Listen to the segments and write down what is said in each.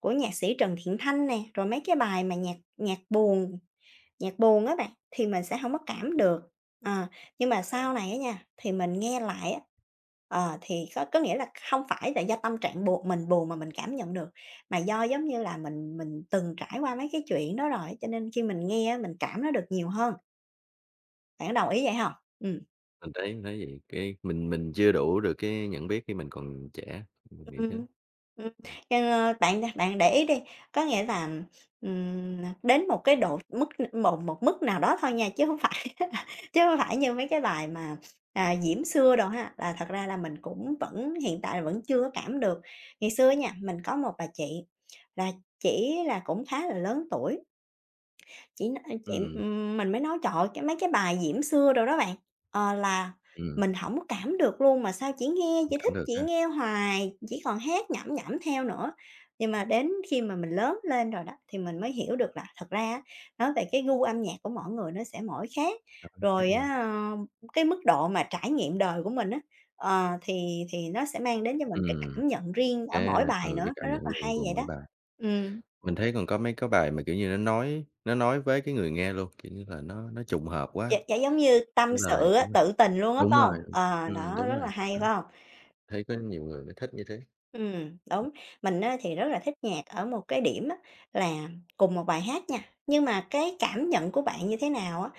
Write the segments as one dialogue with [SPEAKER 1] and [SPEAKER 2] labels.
[SPEAKER 1] Của nhạc sĩ Trần Thiện Thanh nè, rồi mấy cái bài mà nhạc nhạc buồn nhạc buồn á bạn thì mình sẽ hổng có cảm được. Ờ, nhưng mà
[SPEAKER 2] À.
[SPEAKER 1] sau này á nha, thì mình nghe lại á, ờ, thì có có nghĩa là không phải là do tâm trạng buồn mình buồn mà mình cảm nhận được, mà do, giống như là, mình mình từng trải qua mấy cái chuyện đó rồi, cho nên khi mình nghe á mình cảm nó được nhiều hơn. Bạn có đồng ý vậy hông? Ừm.
[SPEAKER 2] Mình thấy thấy vậy. Cái mình mình chưa đủ được cái nhận biết khi mình còn trẻ, mình nghĩ thế.
[SPEAKER 1] Ừm, ừm,
[SPEAKER 2] Ừm.
[SPEAKER 1] ờ, bạn đ bạn để ý đi, có nghĩa là, ừm, nà đến một cái độ mức một một mức nào đó thôi nha, chứ hông phải là chứ hông phải như mấy cái bài mà, à, Diễm Xưa đồ ha, là thật ra là mình cũng vẫn hiện tại là vẫn chưa có cảm được. Ngày xưa á nha, mình có một bà chị, là chỉ là cũng khá là lớn tuổi. Chị nói, ưm, chị
[SPEAKER 2] Ừm.
[SPEAKER 1] ừm mình mới nói trời ơi, cái mấy cái bài diễm xưa đồ đó bạn, ờ, là
[SPEAKER 2] Ừm.
[SPEAKER 1] mình hổng cảm được luôn mà sao chỉ nghe chỉ
[SPEAKER 2] [unintelligible]
[SPEAKER 1] thích
[SPEAKER 2] Cảm được
[SPEAKER 1] chỉ
[SPEAKER 2] ha.
[SPEAKER 1] nghe hoài, chỉ còn hát nhẩm nhẩm theo nữa. Nhưng mà đến khi mà mình lớn lên rồi đó, thì mình mới hiểu được là thật ra á nói về cái gu âm nhạc của mỗi người nó sẽ mỗi khác,
[SPEAKER 2] Cảm nhận khác
[SPEAKER 1] rồi
[SPEAKER 2] nhau.
[SPEAKER 1] á, ơ, cái mức độ mà trải nghiệm đời của mình á, ờ, thì thì nó sẽ mang đến cho mình cái
[SPEAKER 2] Ừm,
[SPEAKER 1] cảm nhận riêng ở
[SPEAKER 2] cái,
[SPEAKER 1] mỗi bài
[SPEAKER 2] ừ, cái
[SPEAKER 1] nữa, nó
[SPEAKER 2] cảm
[SPEAKER 1] rất
[SPEAKER 2] nhận
[SPEAKER 1] là
[SPEAKER 2] riêng
[SPEAKER 1] hay
[SPEAKER 2] của
[SPEAKER 1] vậy
[SPEAKER 2] mỗi
[SPEAKER 1] đó.
[SPEAKER 2] bài.
[SPEAKER 1] Ừm.
[SPEAKER 2] Mình thấy còn có mấy cái bài mà, kiểu như, nó nói nó nói với cái người nghe luôn, kiểu như là, nó nó trùng hợp
[SPEAKER 1] Gi
[SPEAKER 2] quá.
[SPEAKER 1] gi giống như
[SPEAKER 2] Cái
[SPEAKER 1] tâm
[SPEAKER 2] lời
[SPEAKER 1] sự á,
[SPEAKER 2] đúng rồi,
[SPEAKER 1] tự tình luôn á,
[SPEAKER 2] đúng
[SPEAKER 1] phải
[SPEAKER 2] rồi,
[SPEAKER 1] hông?
[SPEAKER 2] ừm,
[SPEAKER 1] Ờ,
[SPEAKER 2] ừm,
[SPEAKER 1] đó,
[SPEAKER 2] đúng
[SPEAKER 1] rất là
[SPEAKER 2] rồi,
[SPEAKER 1] hay,
[SPEAKER 2] đó.
[SPEAKER 1] phải hông?
[SPEAKER 2] Thấy có nhiều người lại thích như thế.
[SPEAKER 1] Ừm,
[SPEAKER 2] Ừm.
[SPEAKER 1] đúng, mình á thì rất là thích nhạc ở một cái điểm á là cùng một bài hát nha, nhưng mà cái cảm nhận của bạn như thế nào á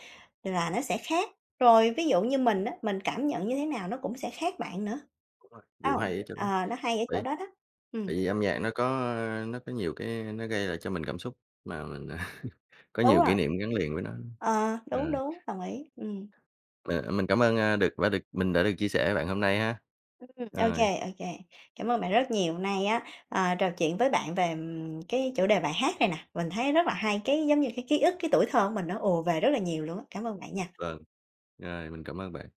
[SPEAKER 1] là nó sẽ khác. Rồi ví dụ như mình á, mình cảm nhận như thế nào nó cũng sẽ khác bạn nữa.
[SPEAKER 2] Đúng rồi, điều
[SPEAKER 1] [unintelligible]
[SPEAKER 2] hay ở chỗ đó.
[SPEAKER 1] Ờ, nó hay ở chỗ
[SPEAKER 2] [unintelligible]
[SPEAKER 1] đó đó. Ừm.
[SPEAKER 2] Tại vì âm nhạc nó có, ơ, nó có nhiều cái nó gây lại cho mình cảm xúc mà mình có
[SPEAKER 1] Đúng
[SPEAKER 2] nhiều
[SPEAKER 1] rồi.
[SPEAKER 2] kỷ niệm gắn liền với nó,
[SPEAKER 1] Ờ,
[SPEAKER 2] ờ.
[SPEAKER 1] đúng, đúng, đồng ý, ừm.
[SPEAKER 2] Ờ, mình cảm ơn, a, được và được mình đã được chia sẻ với bạn hôm nay ha.
[SPEAKER 1] Ừm, ô
[SPEAKER 2] Rồi.
[SPEAKER 1] kê, ô kê. Cảm ơn bạn rất nhiều hôm nay á, ờ, trò chuyện với bạn về cái chủ đề bài hát này nè, mình thấy rất là hay, cái giống như cái ký ức, cái tuổi thơ của mình nó ồ về rất là nhiều luôn á. Cảm ơn bạn nha.
[SPEAKER 2] Vâng, rồi, mình cảm ơn bạn.